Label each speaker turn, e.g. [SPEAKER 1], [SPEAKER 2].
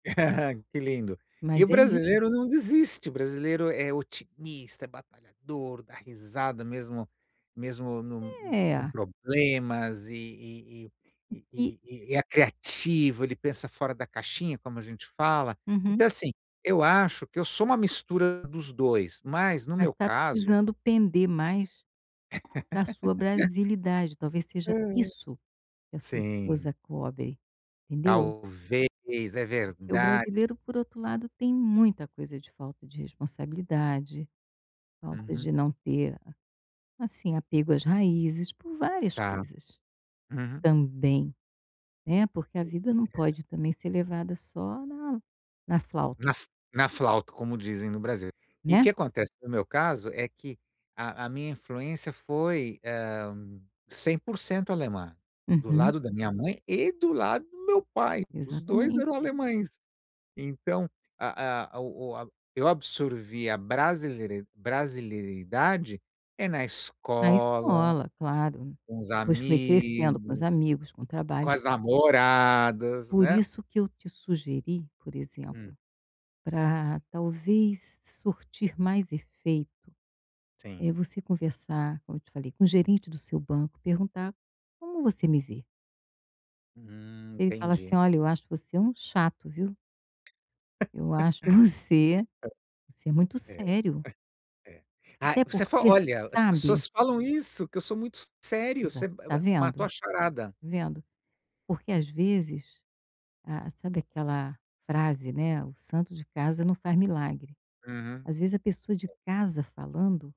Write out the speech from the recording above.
[SPEAKER 1] Que lindo. E o
[SPEAKER 2] Mas é isso.
[SPEAKER 1] brasileiro não desiste, o brasileiro é otimista, é batalhador, dá risada mesmo mesmo num hum, com
[SPEAKER 2] É.
[SPEAKER 1] problemas e e
[SPEAKER 2] E que
[SPEAKER 1] e e e é criativo, ele pensa fora da caixinha, como a gente fala.
[SPEAKER 2] Uhum.
[SPEAKER 1] Então assim, eu acho que eu sou uma mistura dos 2, mas no
[SPEAKER 2] Mas
[SPEAKER 1] meu
[SPEAKER 2] tá
[SPEAKER 1] caso
[SPEAKER 2] precisando pender mais pra sua brasilidade, talvez seja
[SPEAKER 1] Aham.
[SPEAKER 2] isso que a sua
[SPEAKER 1] Sim.
[SPEAKER 2] esposa cobre, entendeu?
[SPEAKER 1] Talvez. É
[SPEAKER 2] Porque o
[SPEAKER 1] verdade.
[SPEAKER 2] brasileiro por outro lado tem muita coisa de falta de responsabilidade, falta
[SPEAKER 1] Uhum.
[SPEAKER 2] de não ter a assim apego às raízes, por várias
[SPEAKER 1] Tá.
[SPEAKER 2] coisas.
[SPEAKER 1] Uhum.
[SPEAKER 2] Também. É, porque a
[SPEAKER 1] Sim,
[SPEAKER 2] vida não
[SPEAKER 1] é.
[SPEAKER 2] pode também ser levada só na na flauta.
[SPEAKER 1] Na f na flauta, como dizem no Brasil. E o
[SPEAKER 2] Né?
[SPEAKER 1] que acontece no meu caso é que a a minha influência foi, hã, 100% alemã, do
[SPEAKER 2] Uhum.
[SPEAKER 1] lado da minha mãe e do lado do meu pai, os 2 eram
[SPEAKER 2] Exatamente.
[SPEAKER 1] alemães. Então, a a o o a eu absorvi a brasileiri brasilidade, eh, na
[SPEAKER 2] Na
[SPEAKER 1] escola,
[SPEAKER 2] escola, claro,
[SPEAKER 1] com os
[SPEAKER 2] depois foi crescendo com os
[SPEAKER 1] amigos,
[SPEAKER 2] amigos, com o
[SPEAKER 1] com
[SPEAKER 2] trabalho.
[SPEAKER 1] as namoradas,
[SPEAKER 2] Por
[SPEAKER 1] né.
[SPEAKER 2] isso que eu te sugeri, por
[SPEAKER 1] Hum.
[SPEAKER 2] exemplo, pra talvez surtir mais efeito,
[SPEAKER 1] Sim.
[SPEAKER 2] eh, você conversar, como eu te falei, com o gerente do seu banco, perguntar: "Como você me vê?".
[SPEAKER 1] Hum,
[SPEAKER 2] Ele fala assim:
[SPEAKER 1] entendi.
[SPEAKER 2] "Olha, eu acho você um chato viu." Eu acho você você é muito
[SPEAKER 1] É, é.
[SPEAKER 2] sério.
[SPEAKER 1] É. Ah,
[SPEAKER 2] Até
[SPEAKER 1] você fo
[SPEAKER 2] porque,
[SPEAKER 1] "Olha, as
[SPEAKER 2] sabe
[SPEAKER 1] pessoas falam isso, que eu sou muito s sério, você
[SPEAKER 2] Exato.
[SPEAKER 1] ma
[SPEAKER 2] Tá
[SPEAKER 1] ma
[SPEAKER 2] vendo?
[SPEAKER 1] matou a charada".
[SPEAKER 2] Tá vendo? Porque às vezes, ah, sabe aquela frase, né: "O santo de casa não faz milagre".
[SPEAKER 1] Aham.
[SPEAKER 2] Às vezes, a pessoa de
[SPEAKER 1] É.
[SPEAKER 2] casa falando